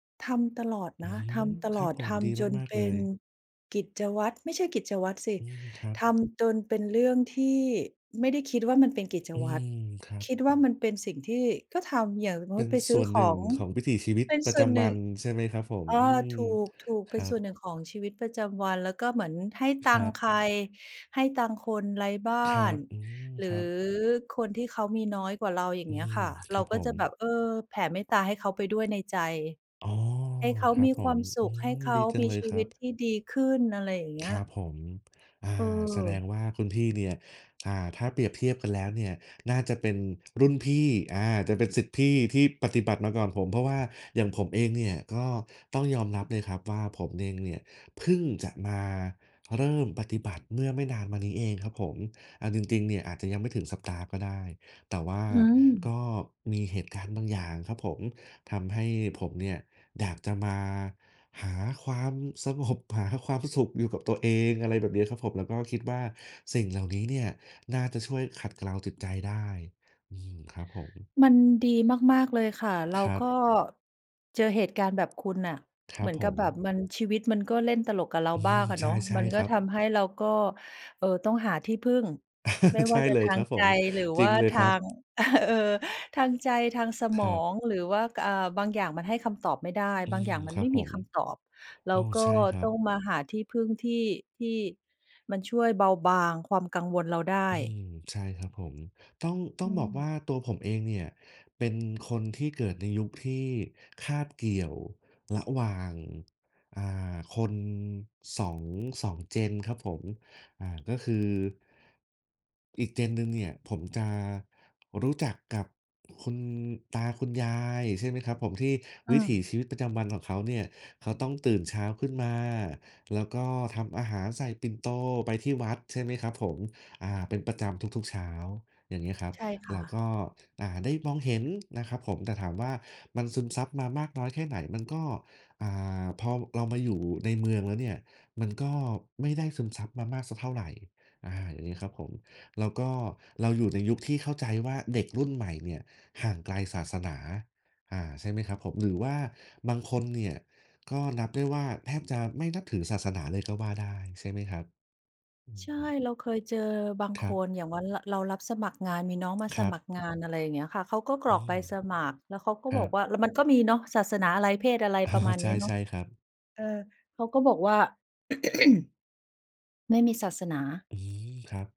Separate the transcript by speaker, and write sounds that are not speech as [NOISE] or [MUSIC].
Speaker 1: ทำตลอด
Speaker 2: อื
Speaker 1: นะ ท
Speaker 2: ม
Speaker 1: ำต
Speaker 2: ค
Speaker 1: ล
Speaker 2: รั
Speaker 1: อ
Speaker 2: บ
Speaker 1: ด
Speaker 2: ผ
Speaker 1: ท
Speaker 2: ม ดี
Speaker 1: ำจน
Speaker 2: มาก
Speaker 1: เป
Speaker 2: ๆ เล
Speaker 1: ็น
Speaker 2: ย
Speaker 1: กิจวัตร ไม่ใช่กิจวัตรสิ
Speaker 2: อืม ครับ
Speaker 1: ทำจนเป็นเรื่องที่ไม่ได้คิดว่ามันเป็นกิจ
Speaker 2: อื
Speaker 1: วัตร
Speaker 2: ม ครับ
Speaker 1: คิดว่ามันเป็นสิ่งที่ก็ทำ อย่างสม
Speaker 2: เป
Speaker 1: ม
Speaker 2: ็
Speaker 1: ุต
Speaker 2: น
Speaker 1: ิไป ซ
Speaker 2: ส
Speaker 1: ื้
Speaker 2: ่
Speaker 1: อ
Speaker 2: วนห
Speaker 1: ข
Speaker 2: นึ่
Speaker 1: อ
Speaker 2: ง
Speaker 1: ง
Speaker 2: ของวิถีชีวิต
Speaker 1: เป็น
Speaker 2: ปร
Speaker 1: ส
Speaker 2: ะ
Speaker 1: ่
Speaker 2: จ
Speaker 1: วนห
Speaker 2: ำ
Speaker 1: น
Speaker 2: ว
Speaker 1: ึ
Speaker 2: ั
Speaker 1: ่ง
Speaker 2: นใช่ไหมครับผ
Speaker 1: เ
Speaker 2: ม?
Speaker 1: ออ
Speaker 2: อืม
Speaker 1: ถูก ๆ
Speaker 2: ค
Speaker 1: เป็
Speaker 2: ร
Speaker 1: น
Speaker 2: ั
Speaker 1: ส่วน
Speaker 2: บ
Speaker 1: หนึ่งของชีวิตประจำวัน แล้วก็เหมือนให้ต
Speaker 2: ค
Speaker 1: ั
Speaker 2: ร
Speaker 1: งค
Speaker 2: ั
Speaker 1: ์
Speaker 2: บ
Speaker 1: ใคร ให้ตังค์คนไร้บ้
Speaker 2: คร
Speaker 1: า
Speaker 2: ั
Speaker 1: น
Speaker 2: บ อืม
Speaker 1: หรื
Speaker 2: ค
Speaker 1: อ
Speaker 2: รับ
Speaker 1: คนที่เขามีน้อยกว่าเรา อย่าง
Speaker 2: อื
Speaker 1: เงี้ยค
Speaker 2: ม
Speaker 1: ่ะ
Speaker 2: ค
Speaker 1: เร
Speaker 2: ร
Speaker 1: า
Speaker 2: ับ
Speaker 1: ก
Speaker 2: ผ
Speaker 1: ็จะ
Speaker 2: ม
Speaker 1: แบบ เออ แผ่เมตตาให้เขาไปด้วยในใจ
Speaker 2: อ๋อ
Speaker 1: ให้เขา
Speaker 2: ครั
Speaker 1: ม
Speaker 2: บ
Speaker 1: ี
Speaker 2: ผ
Speaker 1: ควา
Speaker 2: ม
Speaker 1: มส
Speaker 2: อ
Speaker 1: ุ
Speaker 2: ื
Speaker 1: ข ให้
Speaker 2: ม
Speaker 1: เข
Speaker 2: ด
Speaker 1: า
Speaker 2: ี จั
Speaker 1: ม
Speaker 2: ง
Speaker 1: ี
Speaker 2: เลย
Speaker 1: ชี
Speaker 2: ค
Speaker 1: ว
Speaker 2: รั
Speaker 1: ิต
Speaker 2: บ
Speaker 1: ที่ดีขึ้น อะไรอย่างเงี้
Speaker 2: ค
Speaker 1: ย
Speaker 2: รับผม อา แสดง
Speaker 1: เออ
Speaker 2: ว่าคุณพี่เนี่ย อ่า ถ้าเปรียบเทียบกันแล้วเนี่ย น่าจะเป็นรุ่นพี่ อา จะเป็นศิษย์พี่ที่ปฏิบัติมาก่อนผม เพราะว่าอย่างผมเองเนี่ย ก็ต้องยอมรับเลยครับว่า ผมเองเนี่ยเพิ่งจะมาเริ่มปฏิบัติเมื่อไม่นานมานี้เองครับผม เอาจริง ๆ เนี่ย อาจจะยังไม่ถึงสัปดาห์ก็ได้ แต่ว่า
Speaker 1: อื
Speaker 2: ก
Speaker 1: ม
Speaker 2: ็มีเหตุการณ์บางอย่างครับผม ทำให้ผมเนี่ยอยากจะมาหาความสงบ หาความสุขอยู่กับตัวเอง อะไรแบบนี้ครับผม แล้วก็คิดว่าสิ่งเหล่านี้เนี่ย น่าจะช่วยขัดเกลาจิตใจได้ อืม ครับผม
Speaker 1: มันดีมาก ๆ เลยค่ะ เรา
Speaker 2: ครั
Speaker 1: ก็
Speaker 2: บ
Speaker 1: เจอเหตุการณ์แบบคุณน่ะ
Speaker 2: คร
Speaker 1: เ
Speaker 2: ั
Speaker 1: หมื
Speaker 2: บ
Speaker 1: อน
Speaker 2: ผ
Speaker 1: กับแบ
Speaker 2: ม
Speaker 1: บมัน ชีวิตมันก็เล่นตลกกับเรา
Speaker 2: อื
Speaker 1: บ้า
Speaker 2: ม
Speaker 1: งอะ
Speaker 2: ใช
Speaker 1: เนาะ ม
Speaker 2: ่
Speaker 1: ัน
Speaker 2: ๆ
Speaker 1: ก
Speaker 2: ค
Speaker 1: ็
Speaker 2: รับ
Speaker 1: ทำให้เราก็ เอ่อ ต้องหาที่พึ่ง ไม่
Speaker 2: [CHUCKLES]
Speaker 1: ว
Speaker 2: ใช
Speaker 1: ่า
Speaker 2: ่
Speaker 1: จะ
Speaker 2: เล
Speaker 1: ท
Speaker 2: ย
Speaker 1: า
Speaker 2: คร
Speaker 1: ง
Speaker 2: ับผ
Speaker 1: ใจ
Speaker 2: ม
Speaker 1: หรือ
Speaker 2: จร
Speaker 1: ว
Speaker 2: ิ
Speaker 1: ่
Speaker 2: ง
Speaker 1: า
Speaker 2: เลย
Speaker 1: ท
Speaker 2: ค
Speaker 1: า
Speaker 2: รับ
Speaker 1: ง [LAUGHS] เออ ทางใจ ทางส
Speaker 2: ค
Speaker 1: มอ
Speaker 2: รับ
Speaker 1: ง หรือว่า ก อ่า บางอย่างมันให้คำตอบไม่ได้
Speaker 2: อื
Speaker 1: บางอย
Speaker 2: ม
Speaker 1: ่างมั
Speaker 2: ค
Speaker 1: น
Speaker 2: ร
Speaker 1: ไ
Speaker 2: ั
Speaker 1: ม่
Speaker 2: บผ
Speaker 1: มี
Speaker 2: ม
Speaker 1: คำตอบ เร
Speaker 2: โ
Speaker 1: า
Speaker 2: อ้
Speaker 1: ก็
Speaker 2: ใช่ครั
Speaker 1: ต้
Speaker 2: บ
Speaker 1: องมาหาที่พึ่งที่ ที่มันช่วยเบาบางความกังวลเราได
Speaker 2: อื
Speaker 1: ้
Speaker 2: ม ใช่ครับผม ต้อง ต้อ
Speaker 1: อ
Speaker 2: งบอก
Speaker 1: ืม
Speaker 2: ว่าตัวผมเองเนี่ย เป็นคนที่เกิดในยุคที่คาบเกี่ยวระหว่าง อ่า คน 2- 2 Gen ครับผม อ่า ก็คือ อีก Gen หนึ่งเนี่ย ผมจะรู้จักกับคุณตาคุณยาย ใช่ไหมครับผม ที่
Speaker 1: อื
Speaker 2: วิถี
Speaker 1: ม
Speaker 2: ชีวิตประจำวันของเขาเนี่ย เขาต้องตื่นเช้าขึ้นมา แล้วก็ทำอาหารใส่ปิ่นโตไปที่วัด ใช่ไหมครับผม อา เป็นประจำทุก ๆ เช้า อย่างเงี้ยครับ
Speaker 1: ใช่ค
Speaker 2: แ
Speaker 1: ่
Speaker 2: ล้ว
Speaker 1: ะ
Speaker 2: ก็ อ่า ได้มองเห็นนะครับผม แต่ถามว่า มันซึมซับมามากน้อยแค่ไหน? มันก็ อ่า พอเรามาอยู่ในเมืองแล้วเนี่ย มันก็ไม่ได้ซึมซับมามากสักเท่าไร อา อย่างเงี้ยครับผม แล้วก็เราอยู่ในยุคที่เข้าใจว่า เด็กรุ่นใหม่เนี่ยห่างไกลศาสนา อ่า ใช่ไหมครับผม หรือว่าบางคนเนี่ย ก็นับได้ว่า แทบจะไม่นับถือศาสนาเลยก็ว่าได้ ใช่ไหมครับ อื
Speaker 1: ใ
Speaker 2: อ
Speaker 1: ช่
Speaker 2: ฮึ
Speaker 1: เราเคยเจอบาง
Speaker 2: ค
Speaker 1: ค
Speaker 2: รับ
Speaker 1: น อย่างวัน ร เรารับสมัครงาน มีน้องมา
Speaker 2: ค
Speaker 1: ส
Speaker 2: รั
Speaker 1: มัคร
Speaker 2: บ
Speaker 1: งาน อะไรอย่างเงี้ยค่ะ เขาก็ก
Speaker 2: อ
Speaker 1: ร
Speaker 2: ื
Speaker 1: อกใบ
Speaker 2: ม
Speaker 1: สมัคร แล้วเขาก็
Speaker 2: คร
Speaker 1: บ
Speaker 2: ั
Speaker 1: อก
Speaker 2: บ
Speaker 1: ว่า แล้วมันก็มีเนาะ ศาสนาอะไร? เพศอะไร?
Speaker 2: อ้อ
Speaker 1: ประมาณ
Speaker 2: ใช
Speaker 1: นี้เนาะ
Speaker 2: ่ ๆ ครับ
Speaker 1: เออ เขาก็บอกว่า [CLEARS THROAT] "ไม่มีศาสนา"
Speaker 2: อืม ครับ